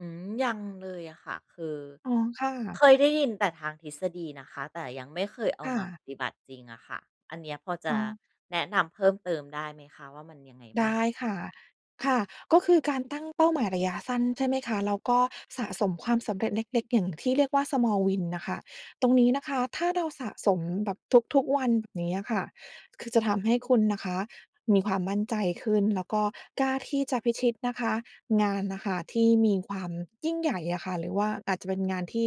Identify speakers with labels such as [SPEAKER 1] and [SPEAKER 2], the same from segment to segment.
[SPEAKER 1] อืม ยังเลยอะค่ะ คือ
[SPEAKER 2] อ๋อ ค่ะ
[SPEAKER 1] เคยได้ยินแต่ทางทฤษฎีนะคะ แต่ยังไม่เคยเอา
[SPEAKER 2] ค่
[SPEAKER 1] มาป
[SPEAKER 2] ะ
[SPEAKER 1] ฏิบัติจริงอะค่ะ อันเนี้ยพอจ
[SPEAKER 2] อ
[SPEAKER 1] ะ
[SPEAKER 2] ๋อ
[SPEAKER 1] แนะนำเพิ่มเติมได้ไหมคะว่ามันยังไงบ
[SPEAKER 2] ไ
[SPEAKER 1] ้
[SPEAKER 2] ด
[SPEAKER 1] าง?
[SPEAKER 2] ้ค่ะ ค่ะ ก็คือการตั้งเป้าหมายระยะสั้น ใช่ไหมคะ แล้วก็สะสมความสำเร็จเล็ก ๆ อย่างที่เรียกว่า Small Win น่ะค่ะ ตรงนี้นะคะ ถ้าเราสะสมแบบทุก ๆ วัน แบบเนี้ยค่ะ คือจะทำให้คุณนะคะ มีความมั่นใจขึ้น แล้วก็กล้าที่จะพิชิตนะคะ งานน่ะค่ะที่มีความยิ่งใหญ่อะค่ะ หรือว่าอาจจะเป็นงานที่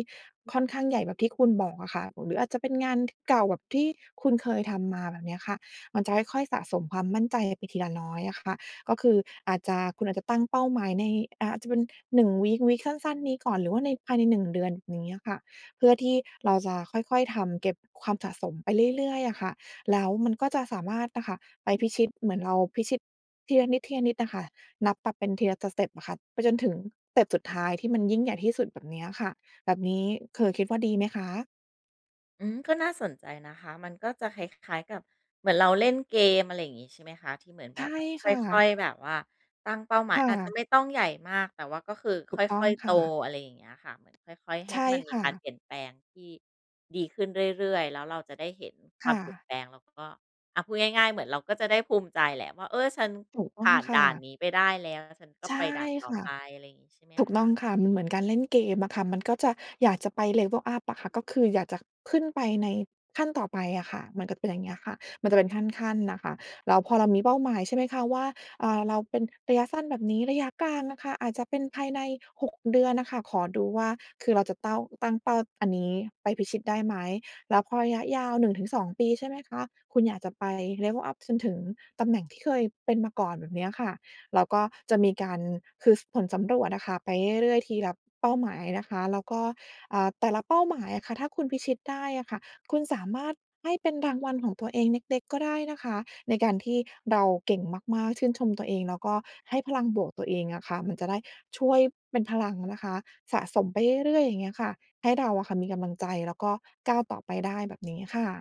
[SPEAKER 2] ค่อนข้างใหญ่แบบที่คุณบอกอะค่ะ หรืออาจจะเป็นงาน ก เก่าแบบที่คุณเคยทำมาแบบเนี้ยค่ะ มันจะค่อย ๆ สะสมความมั่นใจไปทีละน้อยอะค่ะ ก็คืออาจจะ คุณอาจจะตั้งเป้าหมายใน อ่า อาจจะเป็น 1 วีก วีก สั้น ๆ นี้ก่อน หรือว่าใน ภายใน 1 เดือน อย่างเงี้ยอะค่ะ เพื่อที่เราจะค่อย ๆ ทำเก็บความสะสมไปเรื่อย ๆ น่ะค่ะ แล้วมันก็จะสามารถอะค่ะไปพิชิต เหมือนเราพิชิต ทีละนิด ทีละนิดอะค่ะ นับปรับเป็นทีละสเต็ปอะค่ะ ไปจนถึงสเต็ปสุดท้าย ที่มันยิ่งใหญ่ที่สุดแบบเนี้ยค่ะ แบบนี้คือคิดว่าดีไหมคะ?
[SPEAKER 1] อืม ก็น่าสนใจนะคะ มันก็จะคล้าย ๆ กับ เหมือนเราเล่นเกม อะไรอย่างนี้ ใช่ไหมคะ ที่เหมือน
[SPEAKER 2] ใ
[SPEAKER 1] แ
[SPEAKER 2] ช
[SPEAKER 1] บ
[SPEAKER 2] ่
[SPEAKER 1] บว่า
[SPEAKER 2] ค
[SPEAKER 1] ค
[SPEAKER 2] ่
[SPEAKER 1] ่อ
[SPEAKER 2] ะ
[SPEAKER 1] ย ๆ แบบว่าตั้งเป้าหมา
[SPEAKER 2] ค
[SPEAKER 1] ย
[SPEAKER 2] ่
[SPEAKER 1] อาจจะ
[SPEAKER 2] ะ
[SPEAKER 1] ไม่ต้องใหญ่มาก แต่ว่าก็คือ
[SPEAKER 2] ถ
[SPEAKER 1] ค
[SPEAKER 2] ูกต้อ
[SPEAKER 1] ่
[SPEAKER 2] ง
[SPEAKER 1] อย ๆ
[SPEAKER 2] ค
[SPEAKER 1] โต
[SPEAKER 2] ่ะ
[SPEAKER 1] อะไรอย่างเงี้ยค่ะ เหมือนค่อย ๆ ให
[SPEAKER 2] ใช
[SPEAKER 1] ้
[SPEAKER 2] ่
[SPEAKER 1] มันมี
[SPEAKER 2] ค่
[SPEAKER 1] การ
[SPEAKER 2] ะ
[SPEAKER 1] เปลี่ยนแปลงที่ดีขึ้นเรื่อย ๆ แล้วเราจะได้เห็นค
[SPEAKER 2] ค
[SPEAKER 1] วา
[SPEAKER 2] ่
[SPEAKER 1] มเปลี่ยน
[SPEAKER 2] ะ
[SPEAKER 1] แปลง แล้วก็ อะ พูดง่าย ๆ เหมือนเราก็จะได้ภูมิใจแหละว่า เออ ฉัน
[SPEAKER 2] ถูกต
[SPEAKER 1] ผ
[SPEAKER 2] ้อ
[SPEAKER 1] ่
[SPEAKER 2] ง
[SPEAKER 1] าน
[SPEAKER 2] ค
[SPEAKER 1] ด
[SPEAKER 2] ่
[SPEAKER 1] ่าน
[SPEAKER 2] ะ
[SPEAKER 1] นี้ไปได้ แล้วฉันก็
[SPEAKER 2] ใช่
[SPEAKER 1] ไปด่านต่อ
[SPEAKER 2] ค่ะ
[SPEAKER 1] ไป อะไรอย่างงี้ใช่ไหม
[SPEAKER 2] ถูก
[SPEAKER 1] ค
[SPEAKER 2] ต้อ
[SPEAKER 1] ะ?
[SPEAKER 2] งค่ะ มันเหมือนการเล่นเกมอะค่ะ มันก็จะ อยากจะไป level up อะค่ะ ก็คืออยากจะขึ้นไปในขั้นต่อไปอะค่ะ มันก็จะเป็น อย่างเงี้ยค่ะ มันจะเป็นขั้น ๆ น่ะค่ะ แล้วพอเรามีเป้าหมาย ใช่ไหมคะว่า อา เราเป็นระยะสั้นแบบนี้ ระยะกลางอะค่ะ อาจจะเป็นภายใน 6 เดือนน่ะค่ะ ขอดูว่า คือเราจะเต้า ตั้งเป้าอันนี้ไปพิชิตได้ไหม แล้วพอระยะยาว 1-2 ปี ใช่ไหมคะ คุณอยากจะไป level up จนถึงตำแหน่งที่เคยเป็นมาก่อนแบบเนี้ยค่ะ แล้วก็จะมีการ คือผลสำรวจอะค่ะไปเรื่อย ๆ ทีละเป้าหมายนะคะ แล้วก็ อ่า แต่ละเป้าหมายอะค่ะ ถ้าคุณพิชิตได้อะค่ะ คุณสามารถให้เป็นรางวัลของตัวเองเล็ก ๆ ก็ได้นะคะ ในการที่เราเก่งมาก ๆ ชื่นชมตัวเอง แล้วก็ให้พลังบวกตัวเองอะค่ะ มันจะได้ช่วยเป็นพลังนะคะ สะสมไปเรื่อย ๆ อย่างเงี้ยค่ะ ให้เราอะค่ะมีกำลังใจ แล้วก็ก้าวต่อไปได้แบบนี้ค่ะ